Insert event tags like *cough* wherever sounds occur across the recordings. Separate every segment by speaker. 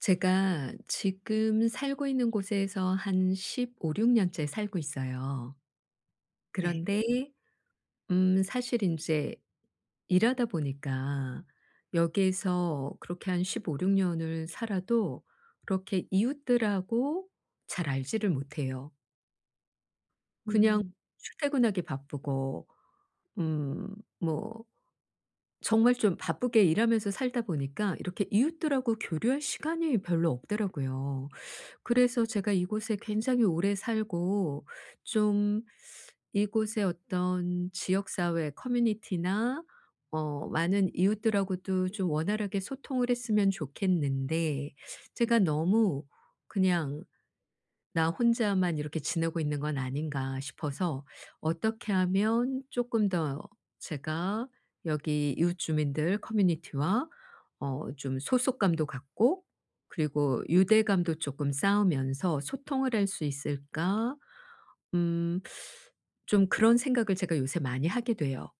Speaker 1: 제가 지금 살고 있는 곳에서 한 15-16 년째 살고 있어요.
Speaker 2: 네.
Speaker 1: 그런데 음 사실 인제 일하다 보니까 여기에서 그렇게 한 15-16 년을 살아도 그렇게 이웃들하고 잘 알지를 못해요. 그냥
Speaker 2: 음.
Speaker 1: 출퇴근하기 바쁘고 음 뭐 정말 좀 바쁘게 일하면서 살다 보니까 이렇게 이웃들하고 교류할 시간이 별로 없더라고요. 그래서 제가 이곳에 굉장히 오래 살고 좀 이곳에 어떤 지역사회 커뮤니티나 어 많은 이웃들하고도 좀 원활하게 소통을 했으면 좋겠는데 제가 너무 그냥 '나 혼자만 이렇게 지내고 있는 건 아닌가?' 싶어서 '어떻게 하면 쪼끔 더 제가 여기 이웃 주민들 커뮤니티와 어 좀 소속감도 갖고 그리고 유대감도 쪼끔 쌓으면서 소통을 할 수 있을까?' 음 좀 그런 생각을 제가 요새 많이 하게 돼요.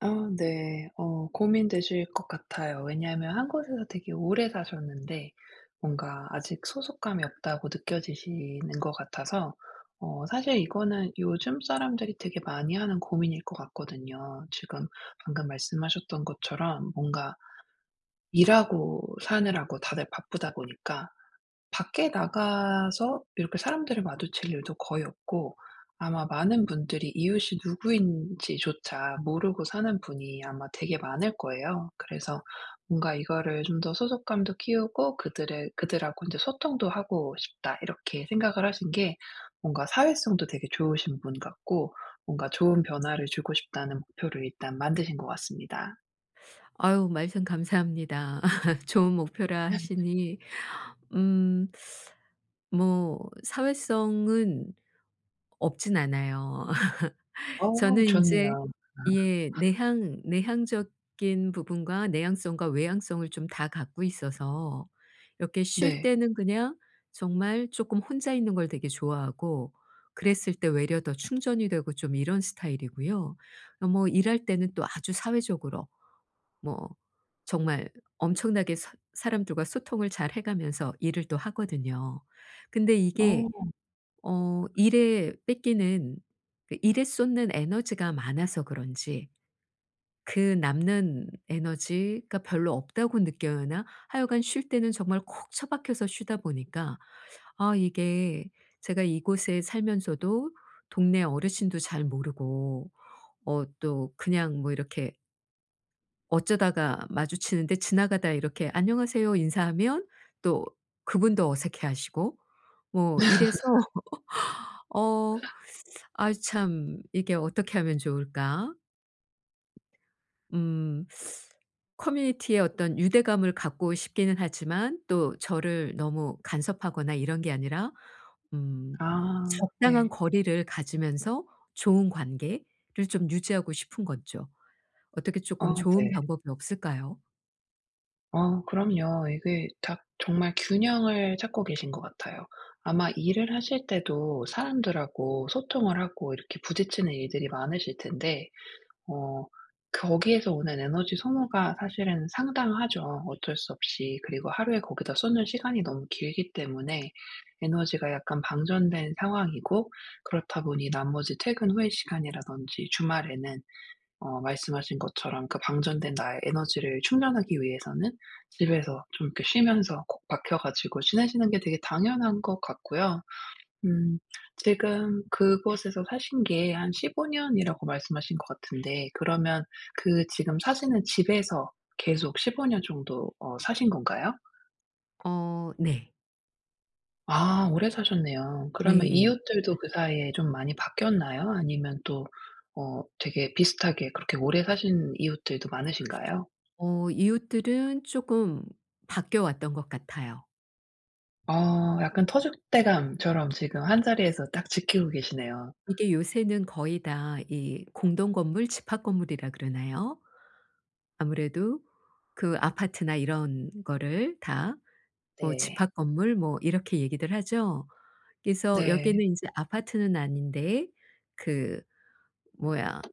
Speaker 2: 아 네. 어 고민되실 것 같아요. 왜냐하면 1 곳에서 되게 오래 사셨는데 뭔가 아직 소속감이 없다고 느껴지시는 것 같아서 어 사실 이거는 요즘 사람들이 되게 많이 하는 고민일 것 같거든요. 지금 방금 말씀하셨던 것처럼 뭔가 일하고 사느라고 다들 바쁘다 보니까 밖에 나가서 이렇게 사람들을 마주칠 일도 거의 없고 아마 많은 분들이 이웃이 누구인지조차 모르고 사는 분이 아마 되게 많을 거예요. 그래서 뭔가 이거를 좀 더 '소속감도 키우고 그들의 그들하고 인제 소통도 하고 싶다.' 이렇게 생각을 하신 게 뭔가 사회성도 되게 좋으신 분 같고 뭔가 좋은 변화를 주고 싶다는 목표를 일단 만드신 것 같습니다.
Speaker 1: 아유 말씀 감사합니다. *laughs* 좋은 목표라 하시니 음 뭐 사회성은 없진 않아요. *laughs*
Speaker 2: 어
Speaker 1: 저는 인제
Speaker 2: 좋네요.
Speaker 1: 예
Speaker 2: *laughs*
Speaker 1: 내향 내향적인 부분과 내향성과 외향성을 좀 다 갖고 있어서 이렇게 쉴
Speaker 2: 네.
Speaker 1: 때는 그냥 정말 쪼끔 혼자 있는 걸 되게 좋아하고. 그랬을 때 외려 더 충전이 되고 좀 이런 스타일이고요. 어 뭐 일할 때는 또 아주 사회적으로 뭐 정말 엄청나게 사 사람들과 소통을 잘 해가면서 일을 또 하거든요. 근데
Speaker 2: 어.
Speaker 1: 이게 어 일에 뺏기는 그 일에 쏟는 에너지가 많아서 그런지 그 남는 에너지가 별로 없다고 느끼나? 하여간 쉴 때는 정말 콕 처박혀서 쉬다 보니까 아 이게 제가 이곳에 살면서도 동네 어르신도 잘 모르고 어 또 그냥 뭐 이렇게 어쩌다가 마주치는데 지나가다 이렇게 "안녕하세요." 인사하면 또 그분도 어색해 하시고 뭐 이래서 *laughs* 어
Speaker 2: *laughs*
Speaker 1: *sucks teeth* 아이 참 이게 어떻게 하면 좋을까? 음 커뮤니티에 어떤 유대감을 갖고 싶기는 하지만 또 저를 너무 간섭하거나 이런 게 아니라 음
Speaker 2: 아
Speaker 1: 적당한
Speaker 2: 네.
Speaker 1: 거리를 가지면서 좋은 관계를 좀 유지하고 싶은 거죠. 어떻게
Speaker 2: 아
Speaker 1: 쪼끔 좋은
Speaker 2: 네.
Speaker 1: 방법이 없을까요?
Speaker 2: 어 그럼요. 이게 다 정말 균형을 찾고 계신 것 같아요. 아마 일을 하실 때도 사람들하고 소통을 하고 이렇게 부딪히는 일들이 많으실 텐데 어 거기에서 오는 에너지 소모가 사실은 상당하죠 어쩔 수 없이. 그리고 하루에 거기다 쏟는 시간이 너무 길기 때문에 에너지가 약간 방전된 상황이고 그렇다 보니 나머지 퇴근 후의 시간이라든지 주말에는 어 말씀하신 것처럼 그 방전된 나의 에너지를 충전하기 위해서는 집에서 좀 이렇게 쉬면서 콕 박혀 가지고 지내시는 게 되게 당연한 것 같고요. 음 지금 그곳에서 사신 게 한 15 년이라고 말씀하신 것 같은데 그러면 그 지금 사시는 집에서 계속 15 년 정도 어 사신 건가요?
Speaker 1: 어 네.
Speaker 2: 아 오래 사셨네요. 그러면
Speaker 1: 네.
Speaker 2: 이웃들도 그 사이에 좀 많이 바뀌었나요? 아니면 또 어 되게 비슷하게 그렇게 오래 사신 이웃들도 많으신가요?
Speaker 1: 어 이웃들은 쪼금 바뀌어 왔던 것 같아요.
Speaker 2: 어 약간 터줏대감처럼 지금 한자리에서 딱 지키고 계시네요.
Speaker 1: 이게 요새는 거의 다 이 공동 건물 집합 건물이라 그러나요? 아무래도 그 아파트나 이런 거를 다 뭐
Speaker 2: 네.
Speaker 1: 집합 건물 뭐 이렇게 얘기들 하죠? 그래서 여기는
Speaker 2: 네.
Speaker 1: 인제 아파트는 아닌데 그 뭐야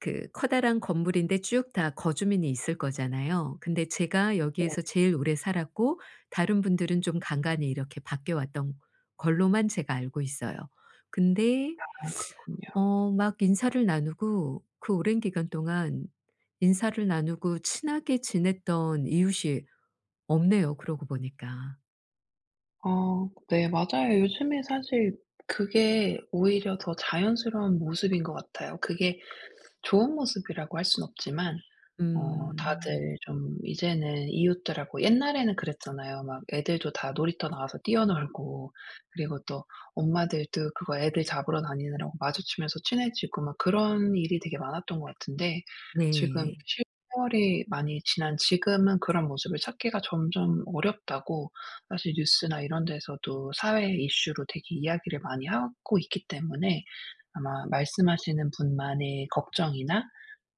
Speaker 1: 그 커다란 건물인데 쭉 다 거주민이 있을 거잖아요. 근데 제가
Speaker 2: 네.
Speaker 1: 여기에서 제일 오래 살았고 다른 분들은 좀 간간히 이렇게 바뀌어 왔던 걸로만 제가 알고 있어요. 근데
Speaker 2: 아 그렇군요.
Speaker 1: 어 막 인사를 나누고 그 오랜 기간 동안 인사를 나누고 친하게 지냈던 이웃이 없네요, 그러고 보니까.
Speaker 2: 어 네 맞아요. 요즘에 사실 그게 오히려 더 자연스러운 모습인 것 같아요. 그게 좋은 모습이라고 할 순 없지만 어
Speaker 1: 음.
Speaker 2: 다들 좀 이제는 이웃들하고 옛날에는 그랬잖아요. 막 애들도 다 놀이터 나와서 뛰어놀고 그리고 또 엄마들도 그거 애들 잡으러 다니느라고 마주치면서 친해지고 막 그런 일이 되게 많았던 것 같은데 지금
Speaker 1: 네.
Speaker 2: 세월이 많이 지난 지금은 그런 모습을 찾기가 점점 어렵다고 사실 뉴스나 이런 데서도 사회 이슈로 되게 이야기를 많이 하고 있기 때문에 아마 말씀하시는 분만의 걱정이나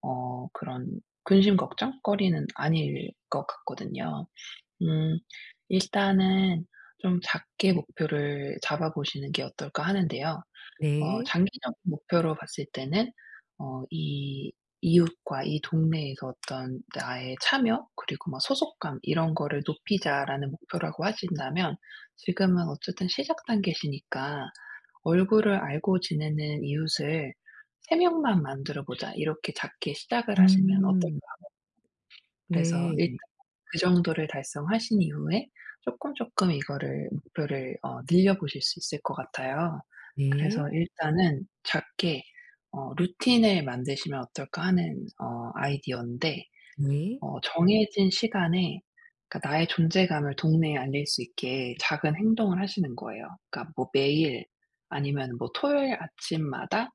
Speaker 2: 어 그런 근심 걱정거리는 아닐 것 같거든요. 음 일단은 좀 작게 목표를 잡아보시는 게 어떨까 하는데요. 어
Speaker 1: 네.
Speaker 2: 장기적인 목표로 봤을 때는 어 이 '이웃과 이 동네에서 어떤 나의 참여 그리고 뭐 소속감 이런 거를 높이자.'라는 목표라고 하신다면 지금은 어쨌든 시작 단계시니까 '얼굴을 알고 지내는 이웃을 3 명만 만들어 보자.' 이렇게 작게 시작을 하시면 어떨까
Speaker 1: 음.
Speaker 2: 하거든요? 그래서
Speaker 1: 네.
Speaker 2: 일단 그 정도를 달성하신 이후에 쪼끔 쪼끔 이거를 목표를 어 늘려보실 수 있을 것 같아요. 그래서
Speaker 1: 네.
Speaker 2: 일단은 작게 어 '루틴을 만드시면 어떨까.' 하는 어 아이디어인데
Speaker 1: 네.
Speaker 2: 어 정해진 시간에 그니까 나의 존재감을 동네에 알릴 수 있게 작은 행동을 하시는 거예요. 그러니까 뭐 매일 아니면은 뭐 토요일 아침마다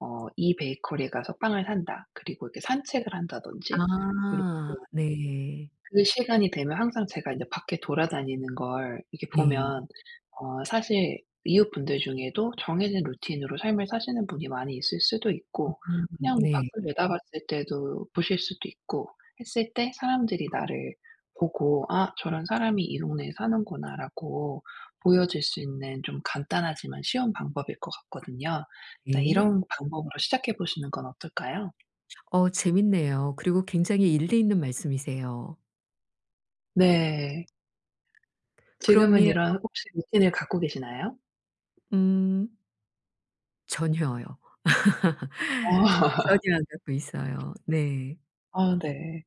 Speaker 2: 어 이 베이커리에 가서 빵을 산다. 그리고 이렇게 산책을 한다든지 이렇게
Speaker 1: 아 네.
Speaker 2: 그 시간이 되면 항상 제가 인제 밖에 돌아다니는 걸 이렇게
Speaker 1: 네.
Speaker 2: 보면 어 사실 이웃분들 중에도 정해진 루틴으로 삶을 사시는 분이 많이 있을 수도 있고
Speaker 1: 음
Speaker 2: 그냥 뭐
Speaker 1: 네.
Speaker 2: 밖을 내다봤을 때도 보실 수도 있고 했을 때 사람들이 나를 보고 '아 저런 사람이 이 동네에 사는구나.'라고 보여줄 수 있는 좀 간단하지만 쉬운 방법일 것 같거든요. 일단
Speaker 1: 네.
Speaker 2: 이런 방법으로 시작해 보시는 건 어떨까요?
Speaker 1: 어 재밌네요. 그리고 굉장히 일리 있는 말씀이세요.
Speaker 2: 네. 지금은
Speaker 1: 그럼요.
Speaker 2: 이런 혹시 루틴을 갖고 계시나요?
Speaker 1: 음. 전혀요.
Speaker 2: 어.
Speaker 1: *laughs* 전혀 안 듣고
Speaker 2: *laughs*
Speaker 1: 있어요. 네.
Speaker 2: 아 네.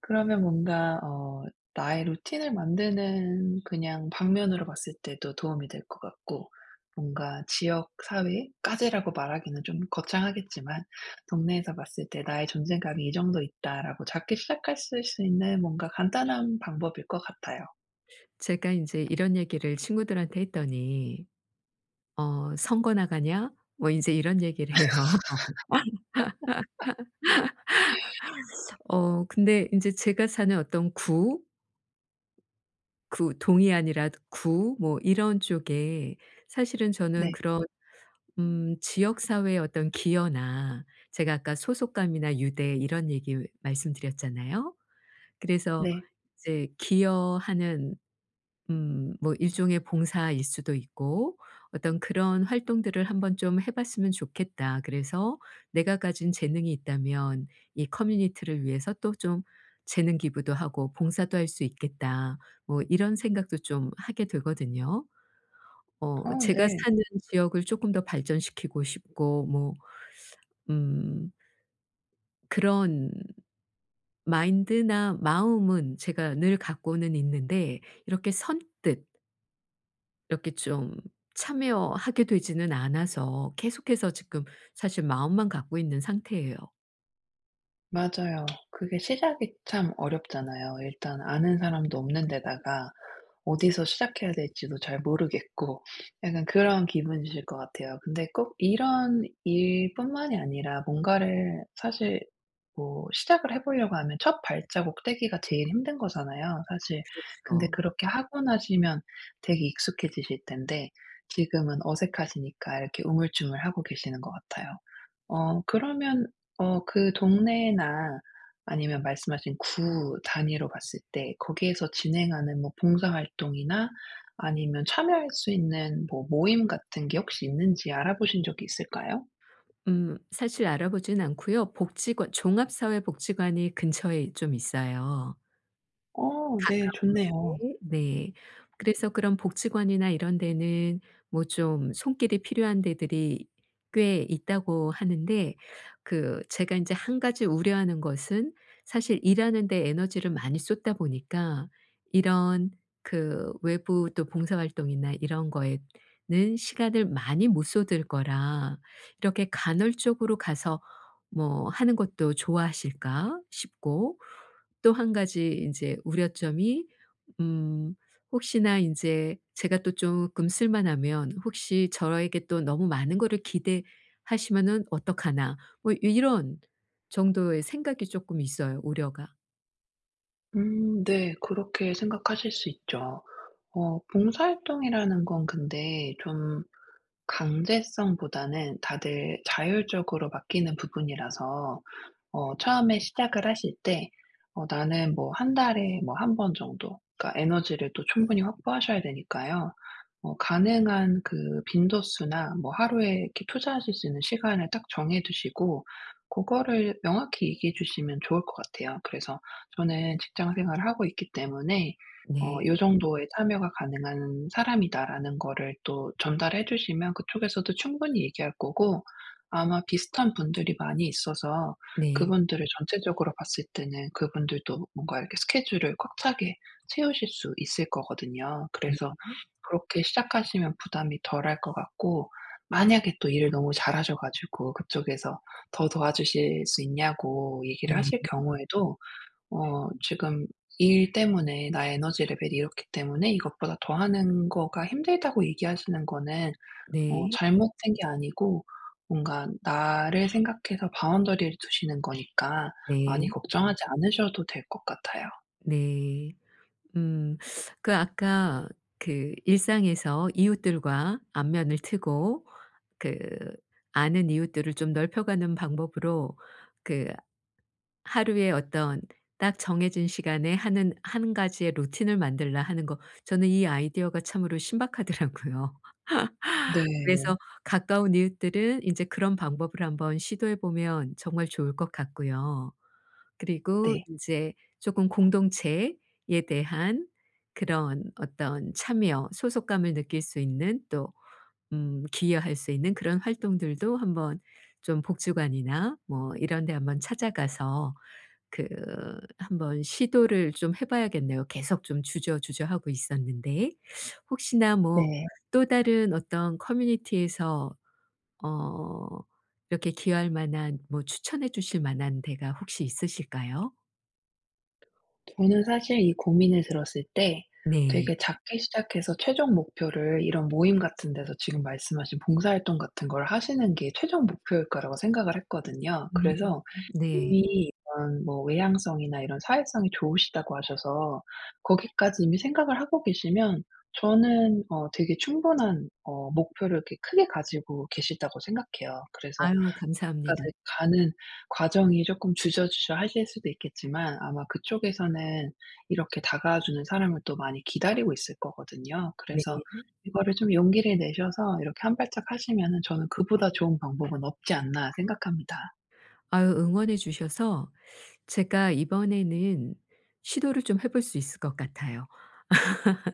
Speaker 2: 그러면 뭔가 어 나의 루틴을 만드는 그냥 방면으로 봤을 때도 도움이 될 것 같고 뭔가 지역 사회까지라고 말하기는 좀 거창하겠지만 '동네에서 봤을 때 나의 존재감이 이 정도 있다.'라고 작게 시작하실 수 있는 뭔가 간단한 방법일 것 같아요.
Speaker 1: 제가 인제 이런 얘기를 친구들한테 했더니 어 "선거 나가냐?" 뭐 인제 이런 얘기를 해요.
Speaker 2: *laughs*
Speaker 1: *laughs* 어 근데 인제 제가 사는 어떤 구, 구, 동이 아니랏 구 뭐 이런 쪽에 사실은 저는
Speaker 2: 네.
Speaker 1: 그런 음 지역 사회의 어떤 기여나 제가 아까 소속감이나 유대 이런 얘기 말씀드렸잖아요. 그래서
Speaker 2: 네.
Speaker 1: 이제 '기여하는 음 뭐 일종의 봉사일 수도 있고 어떤 그런 활동들을 한번 좀 해 봤으면 좋겠다. 그래서 내가 가진 재능이 있다면 이 커뮤니티를 위해서 또 좀 재능 기부도 하고 봉사도 할 수 있겠다.' 뭐 이런 생각도 좀 하게 되거든요.
Speaker 2: 어
Speaker 1: 어 제가
Speaker 2: 네.
Speaker 1: 사는 지역을 쪼끔 더 발전시키고 싶고 뭐 음 그런 마인드나 마음은 제가 늘 갖고는 있는데 이렇게 선뜻 이렇게 좀 참여하게 되지는 않아서 계속해서 지금 사실 마음만 갖고 있는 상태예요.
Speaker 2: 맞아요. 그게 시작이 참 어렵잖아요. 일단 아는 사람도 없는 데다가 어디서 시작해야 될지도 잘 모르겠고 *sniffs* 약간 그런 기분이실 것 같아요. 근데 꼭 이런 일 뿐만이 아니라 뭔가를 사실 뭐 시작을 해 보려고 하면 첫 발자국 떼기가 제일 힘든 거잖아요, 사실. 근데
Speaker 1: 그렇죠.
Speaker 2: 그렇게 하고 나시면 되게 익숙해지실 텐데 지금은 어색하시니까 이렇게 우물쭈물하고 계시는 것 같아요. 어 그러면 어 그 동네나 아니면 말씀하신 구 단위로 봤을 때 거기에서 진행하는 뭐 봉사활동이나 아니면 참여할 수 있는 뭐 모임 같은 게 혹시 있는지 알아보신 적이 있을까요?
Speaker 1: 음. 사실 알아보진 않고요. 복지관 종합사회복지관이 근처에 있 쫌 있어요.
Speaker 2: 어 네
Speaker 1: 가까운
Speaker 2: 좋네요.
Speaker 1: 거리에 네. 그래서 그런 복지관이나 이런 데는 뭐 좀 손길이 필요한 데들이 꽤 있다고 하는데 그 제가 인제 1 가지 우려하는 것은 사실 일하는 데 에너지를 많이 쏟다 보니까 이런 그 외부 또 봉사 활동이나 이런 거에는 시간을 많이 못 쏟을 거라 '이렇게 간헐적으로 가서 뭐 하는 것도 좋아하실까?' 싶고 또 1 가지 인제 우려점이 음 혹시나 인제 제가 또 쪼끔 쓸만하면 '혹시 저에게 또 너무 많은 거를 기대하시면은 어떡하나?' 뭐 요 이런 정도의 생각이 쪼끔 있어요, 우려가.
Speaker 2: 음. 네. 그렇게 생각하실 수 있죠. 어 봉사 활동이라는 건 근데 좀 강제성보다는 다들 자율적으로 맡기는 부분이라서 어 처음에 시작을 하실 때 어 나는 뭐 1 달에 뭐 1 번 정도 그러니까 에너지를 또 충분히 확보하셔야 되니까요. 어 가능한 그 빈도수나 뭐 하루에 이렇게 투자하실 수 있는 시간을 딱 정해 두시고 그거를 명확히 얘기해 주시면 좋을 것 같아요. 그래서 '저는 직장 생활을 하고 있기 때문에 어
Speaker 1: 네.
Speaker 2: 요 정도의 참여가 가능한 사람이다.'라는 거를 또 전달해 주시면 그쪽에서도 충분히 얘기할 거고 아마 비슷한 분들이 많이 있어서
Speaker 1: 네.
Speaker 2: 그분들을 전체적으로 봤을 때는 그분들도 뭔가 이렇게 스케줄을 꽉 차게 채우실 수 있을 거거든요. 그래서
Speaker 1: 네.
Speaker 2: 그렇게 시작하시면 부담이 덜할 것 같고 만약에 또 일을 너무 잘하셔 가지고 그쪽에서 더 도와주실 수 있냐고 얘기를
Speaker 1: 네.
Speaker 2: 하실 경우에도 "어. 지금 일 때문에 나의 에너지 레벨이 이렇기 때문에 이것보다 더 하는 거가 힘들다."고 얘기하시는 거는 어
Speaker 1: 네.
Speaker 2: 잘못된 게 아니고 뭔가 나를 생각해서 바운더리를 두시는 거니까 많이
Speaker 1: 네.
Speaker 2: 걱정하지 않으셔도 될 것 같아요.
Speaker 1: 네. 음. 그 아까 그 일상에서 이웃들과 안면을 트고 그 아는 이웃들을 좀 넓혀 가는 방법으로 그 하루에 어떤 딱 정해진 시간에 하는 1 가지의 루틴을 만들라 하는 거, 저는 이 아이디어가 참으로 신박하더라고요. *laughs*
Speaker 2: 네.
Speaker 1: 그래서 가까운 이웃들은 이제 그런 방법을 한번 시도해 보면 정말 좋을 것 같고요. 그리고
Speaker 2: 네.
Speaker 1: 인제 쪼금 공동체에 대한 그런 어떤 참여 소속감을 느낄 수 있는 또 음 기여할 수 있는 그런 활동들도 한번 좀 복지관이나 뭐 이런 데 한번 찾아가서 그 한번 시도를 좀 해 봐야겠네요, 계속 좀 주저주저하고 있었는데. 혹시나 뭐
Speaker 2: 네.
Speaker 1: 또 다른 어떤 커뮤니티에서 어 이렇게 기여할 만한 뭐 추천해 주실 만한 데가 혹시 있으실까요?
Speaker 2: 저는 사실 이 고민을 들었을 때
Speaker 1: 네.
Speaker 2: 되게 작게 시작해서 최종 목표를 이런 모임 같은 데서 지금 말씀하신 봉사 활동 같은 걸 하시는 게 최종 목표일 거라고 생각을 했거든요.
Speaker 1: 음
Speaker 2: 그래서
Speaker 1: 네.
Speaker 2: 이미 이런 뭐 외향성이나 이런 사회성이 좋으시다고 하셔서 거기까지 이미 생각을 하고 계시면 저는 어 되게 충분한 어 목표를 이렇게 크게 가지고 계시다고 생각해요. 그래서
Speaker 1: 아유
Speaker 2: 거기까지
Speaker 1: 감사합니다.
Speaker 2: 가는 과정이 조금 주저주저하실 수도 있겠지만 아마 그쪽에서는 이렇게 다가와 주는 사람을 또 많이 기다리고 있을 거거든요.
Speaker 1: 네.
Speaker 2: 그래서 이거를 좀 용기를 내셔서 이렇게 한 발짝 하시면은 저는 '그보다 좋은 방법은 없지 않나,' 생각합니다.
Speaker 1: 아유 응원해 주셔서 제가 이번에는 시도를 좀 해 볼 수 있을 것 같아요.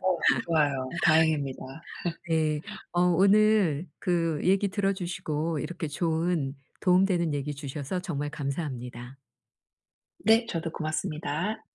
Speaker 2: 어 좋아요. 다행입니다.
Speaker 1: *laughs* 네.
Speaker 2: *laughs*
Speaker 1: 어 오늘 그 얘기 들어 주시고 이렇게 좋은 도움 되는 얘기 주셔서 정말 감사합니다.
Speaker 2: 네. 저도 고맙습니다.